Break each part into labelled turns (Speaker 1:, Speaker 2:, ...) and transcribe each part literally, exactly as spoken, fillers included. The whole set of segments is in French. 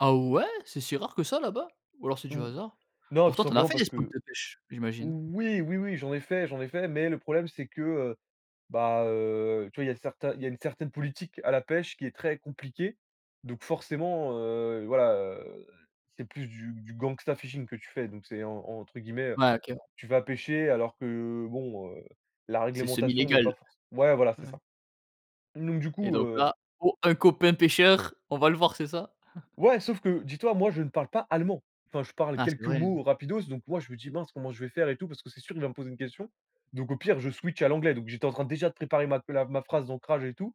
Speaker 1: Ah ouais! C'est si rare que ça là-bas? Ou alors, c'est du
Speaker 2: Mmh.
Speaker 1: hasard.
Speaker 2: Non, tout
Speaker 1: Pourtant tu en as
Speaker 2: simplement
Speaker 1: fait des
Speaker 2: parce
Speaker 1: spots
Speaker 2: que
Speaker 1: de pêche. J'imagine.
Speaker 2: oui, oui, oui, j'en ai fait j'en ai fait, mais le problème, c'est que, heu, bah, heu, tu vois, il y a certains il y a une certaine politique à la pêche qui est très compliquée, donc forcément, heu, voilà, heu, c'est plus du du gangsta fishing que tu fais, donc c'est, en entre guillemets, heu,
Speaker 1: Ouais, OK.
Speaker 2: tu vas pêcher alors que, bon, heu, la
Speaker 1: C'est semi
Speaker 2: réglementation n'est pas
Speaker 1: légal.
Speaker 2: forc ouais, voilà, c'est
Speaker 1: Ouais.
Speaker 2: ça, donc du
Speaker 1: Et
Speaker 2: coup,
Speaker 1: donc
Speaker 2: heu.
Speaker 1: là, oh, un copain pêcheur! On va le voir, c'est ça?
Speaker 2: Ouais, sauf que, dis-toi, moi, je ne parle pas allemand. Enfin, je parle
Speaker 1: Ah, c'est
Speaker 2: quelques
Speaker 1: vrai!
Speaker 2: mots rapidos, donc moi, je me dis: «Mince, comment je vais faire et tout parce que c'est sûr, il va me poser une question», donc au pire, je switch à l'anglais, donc j'étais en train, déjà, de préparer ma la ma phrase d'ancrage et tout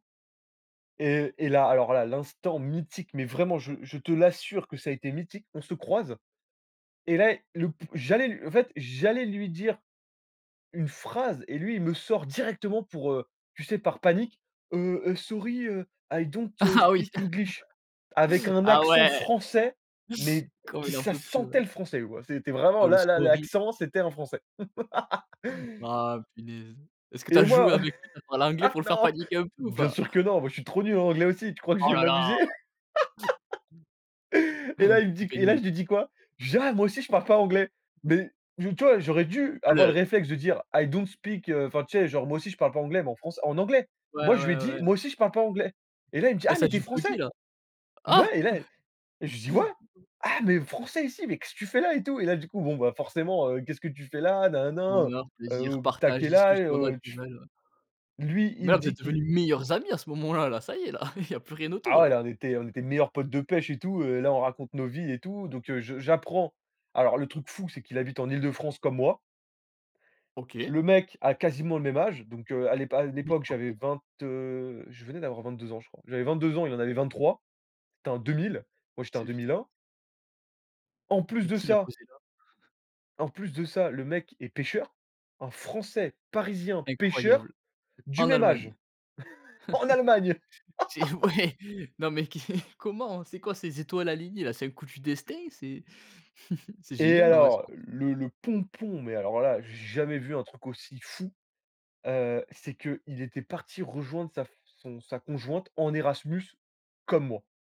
Speaker 2: et et là, alors là, l'instant mythique, mais vraiment je je te l'assure que ça a été mythique. On se croise et là et, le p j'allais l en fait, j'allais lui dire une phrase et lui, il me sort directement pour, heu, tu sais, par panique: «Heu heu, sorry. Heu, I don't, heu,
Speaker 1: Ah, oui!
Speaker 2: speak English» avec un
Speaker 1: Ah
Speaker 2: accent
Speaker 1: ouais!
Speaker 2: français mais
Speaker 1: Comme
Speaker 2: qui
Speaker 1: il en
Speaker 2: ça
Speaker 1: peut plus. Ouais.
Speaker 2: sentait le français, quoi. C'était vraiment,
Speaker 1: Oh! Le
Speaker 2: là, là,
Speaker 1: sorry!
Speaker 2: l'accent, c'était un Français.
Speaker 1: Mmh. Ah! Punaise! Est ce que tu
Speaker 2: Et
Speaker 1: as joué
Speaker 2: moi.
Speaker 1: avec lui, à faire l'anglais
Speaker 2: Ah
Speaker 1: pour le faire
Speaker 2: non!
Speaker 1: paniquer un peu ou
Speaker 2: Bien
Speaker 1: pas?
Speaker 2: sûr que non! Moi, je suis trop nul en anglais, aussi, tu crois que je
Speaker 1: Oh
Speaker 2: vais
Speaker 1: là là!
Speaker 2: m'amuser? Et là,
Speaker 1: Un
Speaker 2: il me dit qu
Speaker 1: pied de
Speaker 2: et là,
Speaker 1: nez.
Speaker 2: je lui dis quoi? Je dis: «Ah, moi aussi, je parle pas anglais» mais d tu vois? J'aurais dû
Speaker 1: Ah
Speaker 2: avoir le
Speaker 1: le
Speaker 2: réflexe de dire: «I don't speak», heu, enfin, tu sais, genre: «Moi aussi, je parle pas anglais» mais en franç en anglais.
Speaker 1: Ouais,
Speaker 2: Moi, je lui ai
Speaker 1: ouais, ouais,
Speaker 2: dit:
Speaker 1: ouais.
Speaker 2: «Moi aussi je parle pas anglais» et là, il me dit:
Speaker 1: Ah,
Speaker 2: «Ah
Speaker 1: ça
Speaker 2: mais
Speaker 1: a
Speaker 2: tu es
Speaker 1: dû
Speaker 2: Français?»
Speaker 1: beuguer, là?
Speaker 2: mais
Speaker 1: Ah!
Speaker 2: ouais et là je lui dis: «Ouais "ah mais Français ici, mais qu'est-ce que fais là?"» et tout, et là, du coup, bon, bah, forcément, heu: «Qu'est-ce que tu fais là?» Nin, nin, nin.
Speaker 1: Bonheur,
Speaker 2: Heu,
Speaker 1: plaisir,
Speaker 2: heu, «Tu as
Speaker 1: partage,
Speaker 2: quel âge?»
Speaker 1: discussions
Speaker 2: heu, tu f
Speaker 1: naturelles, heu.
Speaker 2: lui,
Speaker 1: Mais
Speaker 2: il me
Speaker 1: la, vous êtes
Speaker 2: dit qu'il
Speaker 1: devenus meilleurs amis à ce moment-là, là ça y est, là, il y a plus rien autour,
Speaker 2: Ah ouais!
Speaker 1: là.
Speaker 2: Là, on était on était meilleurs potes de pêche et tout, heu, là, on raconte nos vies et tout, donc heu, je j'apprends alors le truc fou, c'est qu'il habite en Île-de-France comme moi.
Speaker 1: OK.
Speaker 2: Le mec a quasiment le même âge, donc heu, à l'épa à
Speaker 1: Mais
Speaker 2: l'époque,
Speaker 1: c'est
Speaker 2: j'avais
Speaker 1: parfait.
Speaker 2: vingt, heu, je venais d'avoir vingt-deux ans, je crois. J'avais vingt-deux ans, il en avait vingt-trois. C'était un deux mille, moi, j'étais en
Speaker 1: C'est
Speaker 2: deux
Speaker 1: f
Speaker 2: mille un. En plus
Speaker 1: Mais
Speaker 2: de
Speaker 1: qui l'a
Speaker 2: ça
Speaker 1: posé là?
Speaker 2: en plus de ça, le mec est pêcheur. Un Français, parisien, pêcheur,
Speaker 1: Incroyable!
Speaker 2: du
Speaker 1: En
Speaker 2: même âge!
Speaker 1: Allemagne!
Speaker 2: En Allemagne!
Speaker 1: C'est ouais, non mais qui? Comment? C'est quoi, ces étoiles alignées, là? C'est un coup du destin? C'est c'est
Speaker 2: Et
Speaker 1: génial, en vrai, cette
Speaker 2: alors,
Speaker 1: rencontre.
Speaker 2: le le pompon, mais alors, là, j'ai jamais vu un truc aussi fou, heu, c'est qu'il était parti rejoindre sa f son sa conjointe en Erasmus, comme moi.